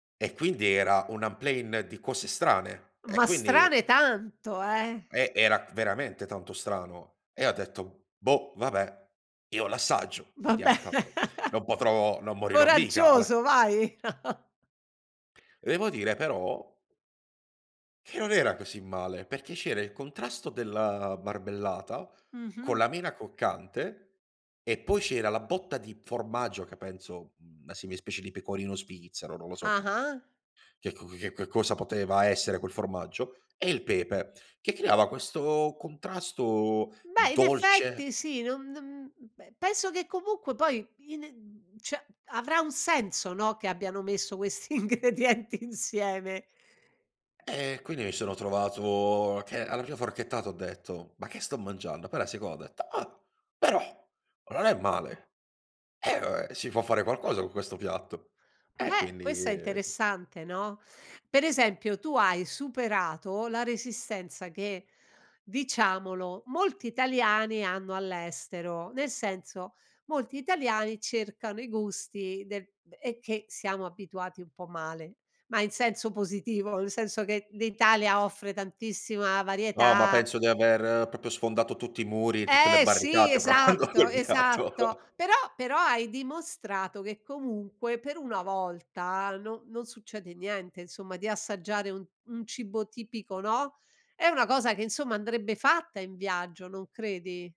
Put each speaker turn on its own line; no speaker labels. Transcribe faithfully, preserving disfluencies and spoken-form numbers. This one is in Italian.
E quindi era un en plein di cose strane e
Ma
quindi
strane tanto, eh.
Eh, era veramente tanto strano e ho detto: "Boh vabbè io l'assaggio
Vabbè,
vediamo tanto non potrò non morirò mica a le"
coraggioso, vai.
Devo dire però che non era così male perché c'era il contrasto della marmellata con
Mh-mh.
la mela croccante e poi c'era la botta di formaggio che penso una simil specie di pecorino svizzero, non lo so che
Ah-ah.
che c c che che cosa poteva essere quel formaggio e il pepe che creava questo contrasto
Beh in
dolce.
effetti sì, non non beh penso che comunque poi ine mhmm, ceh avrà un senso, no, che abbiano messo questi ingredienti insieme.
Eh, quindi mi sono trovato che alla prima forchettata ho detto: "Ma che sto mangiando?" Poi alla seconda ho detto: "Ah, però ma non è male. Eh si può fare qualcosa con questo piatto." E
Beh,
quindi,
questa è
ehm
interessante, no, per esempio tu hai superato la resistenza che, diciamolo, molti italiani hanno all'estero. Nel senso molti italiani cercano i gusti de è che siamo abituati un po' male, ma in senso positivo, nel senso che l'Italia offre tantissima
No, ma
varietà
penso di aver propio sfondato tutti i muri, tutte le
Eh sì,
barricate provando
esatto,
quel piatto.
esatto, però però hai dimostrato che comunque per una volta no non succede niente insomma, di assaggiare un un cibo tipico, no, è una cosa che insomma andrebbe fatta in viaggio, non credi?